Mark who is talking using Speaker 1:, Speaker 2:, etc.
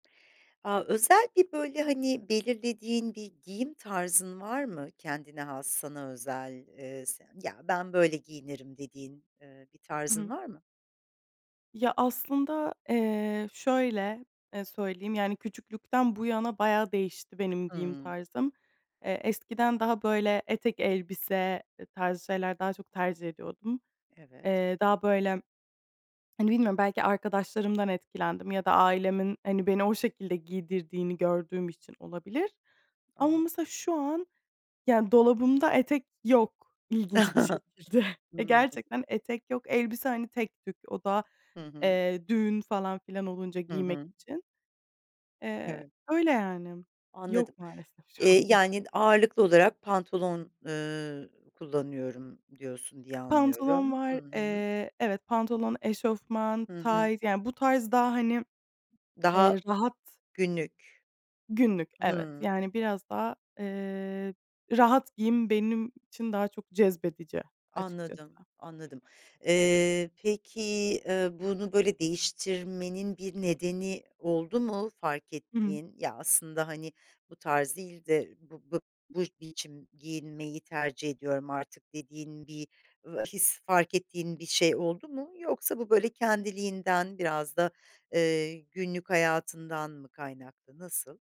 Speaker 1: A, özel bir böyle, hani, belirlediğin bir giyim tarzın var mı? Kendine has sana özel, ııı, s ya, ben böyle giyinirim dediğin, ııı, bir
Speaker 2: Hı
Speaker 1: tarzın
Speaker 2: hı.
Speaker 1: var mı?
Speaker 2: Ya, aslında, eee, şöyle, e, söyleyeyim, yani, küçüklükten bu yana bayağı değişti benim giyim
Speaker 1: Hıı.
Speaker 2: tarzım. Eee, eskiden daha böyle etek, elbise tarzı şeyler daha çok tercih ediyordum.
Speaker 1: Evet.
Speaker 2: Eee, daha böyle, hani, bilmiyorum belki arkadaşlarımdan etkilendim ya da ailemin, hani, beni o şekilde giydirdiğini gördüğüm için olabilir. Ama
Speaker 1: Anladım.
Speaker 2: mesela şu an, yani dolabımda etek yok ilginç bir şekilde.
Speaker 1: Hıı.
Speaker 2: Gerçekten etek yok, elbise, hani, tek tük, o da,
Speaker 1: Hı hı.
Speaker 2: eee, düğün falan filan olunca
Speaker 1: Hı
Speaker 2: giymek
Speaker 1: hı.
Speaker 2: için. Eee,
Speaker 1: Evet.
Speaker 2: öyle, yani.
Speaker 1: Anladım.
Speaker 2: Yok maalesef şu an
Speaker 1: Eee,
Speaker 2: bunlar.
Speaker 1: "Yani, ağırlıklı olarak pantolon, ııı, kullanıyorum" diyorsun diye
Speaker 2: Pantolon
Speaker 1: anlıyorum. Hı
Speaker 2: var.
Speaker 1: hı.
Speaker 2: Eee, evet, pantolon, eşofman,
Speaker 1: Hı hı.
Speaker 2: tayt yani bu tarz daha, hani,
Speaker 1: Daha
Speaker 2: eee, rahat.
Speaker 1: günlük.
Speaker 2: Günlük, evet.
Speaker 1: Hıı.
Speaker 2: Yani, biraz daha, eee, rahat giyim benim için daha çok cezbedici açıkçası.
Speaker 1: Anladım, anladım. Eee, peki, eee, bunu böyle değiştirmenin bir nedeni oldu mu fark
Speaker 2: Hı hı.
Speaker 1: ettiğin? Ya, aslında, hani, bu tarz değil de bu b bu biçim giyinmeyi tercih ediyorum artık dediğin bir, ııı, his, fark ettiğin bir şey oldu mu? Yoksa bu böyle kendiliğinden biraz da, eee, günlük hayatından mı kaynaklı? Nasıl?